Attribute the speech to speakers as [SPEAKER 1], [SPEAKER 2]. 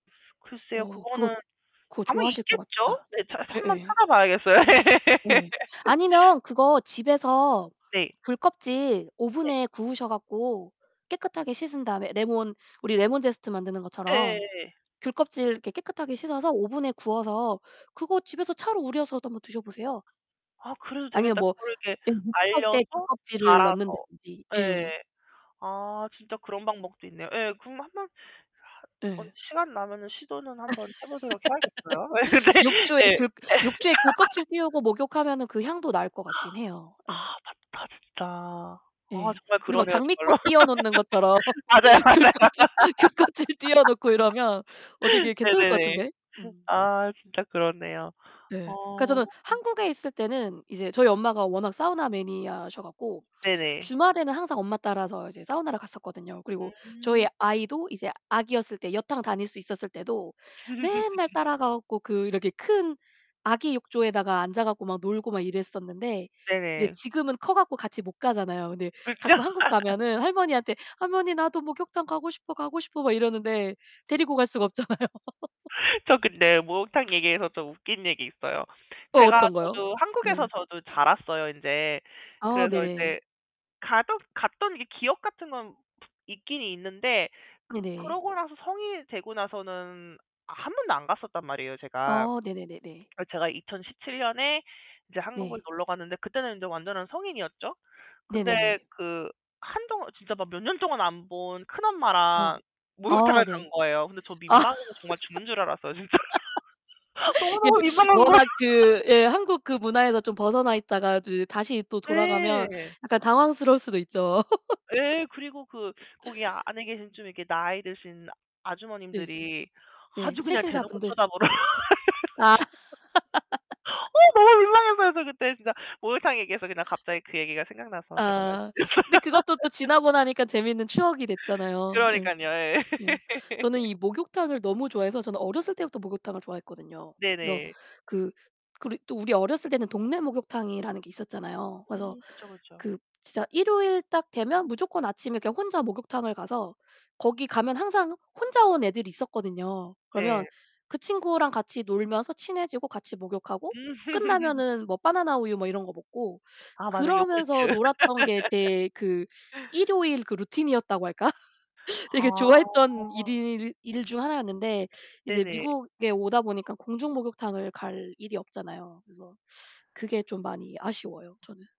[SPEAKER 1] 글쎄요.
[SPEAKER 2] 어 그거
[SPEAKER 1] 그거는
[SPEAKER 2] 그거
[SPEAKER 1] 아마
[SPEAKER 2] 좋아하실 것
[SPEAKER 1] 있겠죠?
[SPEAKER 2] 같다.
[SPEAKER 1] 네. 자 한번
[SPEAKER 2] 예예.
[SPEAKER 1] 찾아 봐야겠어요.
[SPEAKER 2] 네. 아니면 그거 집에서
[SPEAKER 1] 네.
[SPEAKER 2] 귤껍질
[SPEAKER 1] 네.
[SPEAKER 2] 오븐에 구우셔 가지고 깨끗하게 씻은 다음에 레몬 우리 레몬제스트 만드는 것처럼
[SPEAKER 1] 예예예.
[SPEAKER 2] 귤껍질 이렇게 깨끗하게 씻어서 오븐에 구워서 그거 집에서 차로 우려서도 한번 드셔 보세요.
[SPEAKER 1] 아 그래도
[SPEAKER 2] 아니면
[SPEAKER 1] 되겠다.
[SPEAKER 2] 뭐
[SPEAKER 1] 그걸 이렇게
[SPEAKER 2] 예 목욕할 때
[SPEAKER 1] 말려서
[SPEAKER 2] 귤껍질을
[SPEAKER 1] 갈아서
[SPEAKER 2] 넣는다든지. 예.
[SPEAKER 1] 예. 아 진짜 그런 방법도 있네요. 예. 그럼 한번 한번
[SPEAKER 2] 예.
[SPEAKER 1] 시간 나면은 시도는 한번 해 보도록 해야겠어요. 예
[SPEAKER 2] 욕조에
[SPEAKER 1] 네. 예.
[SPEAKER 2] 귤
[SPEAKER 1] 예.
[SPEAKER 2] 욕조에 귤껍질 띄우고 목욕하면은 그 향도 날 것
[SPEAKER 1] 아
[SPEAKER 2] 같긴 해요. 예.
[SPEAKER 1] 맞다 진짜. 아
[SPEAKER 2] 예,
[SPEAKER 1] 정말
[SPEAKER 2] 우리 막
[SPEAKER 1] 그러네요 정말로.
[SPEAKER 2] 장미꽃 띄워 놓는 것처럼
[SPEAKER 1] 맞아요, 맞아요.
[SPEAKER 2] 귤껍질, 귤껍질 띄워 놓고 이러면 어 되게 괜찮을 것
[SPEAKER 1] 네네네.
[SPEAKER 2] 같은데? 음.
[SPEAKER 1] 아 진짜 그렇네요.
[SPEAKER 2] 네. 그러니까
[SPEAKER 1] 어.
[SPEAKER 2] 저는 한국에 있을 때는 이제 저희 엄마가 워낙 사우나 매니아셔 갖고
[SPEAKER 1] 네네.
[SPEAKER 2] 주말에는 항상 엄마 따라서 이제 사우나를 갔었거든요. 그리고 저희
[SPEAKER 1] 음.
[SPEAKER 2] 아이도 이제 아기였을 때 여탕 다닐 수 있었을 때도 맨날 따라가 갖고 그 이렇게 큰 아기 욕조에다가 앉아 갖고 막 놀고 막 이랬었는데 이제
[SPEAKER 1] 네네.
[SPEAKER 2] 지금은 커 갖고 같이 못 가잖아요. 근데
[SPEAKER 1] 그렇죠?
[SPEAKER 2] 가끔 한국 가면은 할머니한테 "할머니 나도 목욕탕 가고 싶어, 가고 싶어." 막 이러는데 데리고 갈 수가 없잖아요.
[SPEAKER 1] 저 근데 목욕탕 얘기해서 좀 웃긴 얘기 있어요.
[SPEAKER 2] 어,
[SPEAKER 1] 제가
[SPEAKER 2] 어떤 거요?
[SPEAKER 1] 저도 한국에서
[SPEAKER 2] 네.
[SPEAKER 1] 저도 자랐어요 인제.
[SPEAKER 2] 아
[SPEAKER 1] 그래서
[SPEAKER 2] 네네.
[SPEAKER 1] 인제 가던 갔던 게 기억 같은 건 있긴 있는데 그
[SPEAKER 2] 네네.
[SPEAKER 1] 그러고 나서 성인이 되고 나서는 아 1 번도 안 갔었단 말이에요 제가.
[SPEAKER 2] 아 네네네네.
[SPEAKER 1] 그리고 제가 2017 년에 이제 한국을
[SPEAKER 2] 네.
[SPEAKER 1] 놀러 갔는데 그때는 이제 완전한 성인이었죠. 근데
[SPEAKER 2] 네네네.
[SPEAKER 1] 그 한동안 진짜 막 몇 년 동안 안 본 큰
[SPEAKER 2] 어
[SPEAKER 1] 엄마랑
[SPEAKER 2] 아
[SPEAKER 1] 목욕탕을 간
[SPEAKER 2] 네.
[SPEAKER 1] 거예요. 근데 저
[SPEAKER 2] 아.
[SPEAKER 1] 민망해서 정말 죽는 줄 알았어요 진짜. 너무,
[SPEAKER 2] 이게
[SPEAKER 1] 너무 민망한 거예요.
[SPEAKER 2] 워낙 그 예 한국 그 문화에서 좀 벗어나 있다가 이제 다시 또 돌아가면
[SPEAKER 1] 네.
[SPEAKER 2] 약간 당황스러울 수도 있죠.
[SPEAKER 1] 예. 그리고 그 거기 안에 계신 좀 이렇게 나이 드신
[SPEAKER 2] 네.
[SPEAKER 1] 아주머님들이
[SPEAKER 2] 네.
[SPEAKER 1] 아주 그냥 대놓고
[SPEAKER 2] 세신사분들.
[SPEAKER 1] 쳐다 보러
[SPEAKER 2] 아.
[SPEAKER 1] 어 너무 민망했어요 저 그때 진짜. 목욕탕 얘기해서 그냥 갑자기 그 얘기가 생각나서 제가 말씀드렸어요.
[SPEAKER 2] 아 근데 그것도 또 지나고 나니까 재밌는 추억이 됐잖아요. 예.
[SPEAKER 1] 그러니깐요. 예.
[SPEAKER 2] 예. 저는 이 목욕탕을 너무 좋아해서 저는 어렸을 때부터 목욕탕을 좋아했거든요. 그래서
[SPEAKER 1] 네네.
[SPEAKER 2] 그 그리고 또 우리 어렸을 때는 동네 목욕탕이라는 게 있었잖아요. 그래서
[SPEAKER 1] 음 그쵸, 그쵸.
[SPEAKER 2] 그 진짜 일요일 딱 되면 무조건 아침에 그냥 혼자 목욕탕을 가서 거기 가면 항상 혼자 온 애들이 있었거든요. 그러면
[SPEAKER 1] 네.
[SPEAKER 2] 그 친구랑 같이 놀면서 친해지고 같이 목욕하고
[SPEAKER 1] 음.
[SPEAKER 2] 끝나면은 뭐 바나나 우유 뭐 이런 거 먹고
[SPEAKER 1] 아 맞아 요구르트.
[SPEAKER 2] 그러면서 놀았던 게 제 그 일요일 그 루틴이었다고 할까? 되게 좋아했던
[SPEAKER 1] 아.
[SPEAKER 2] 일일 일 중 하나였는데 이제
[SPEAKER 1] 네네.
[SPEAKER 2] 미국에 오다 보니까 공중 목욕탕을 갈 일이 없잖아요. 그래서 그게 좀 많이 아쉬워요 저는.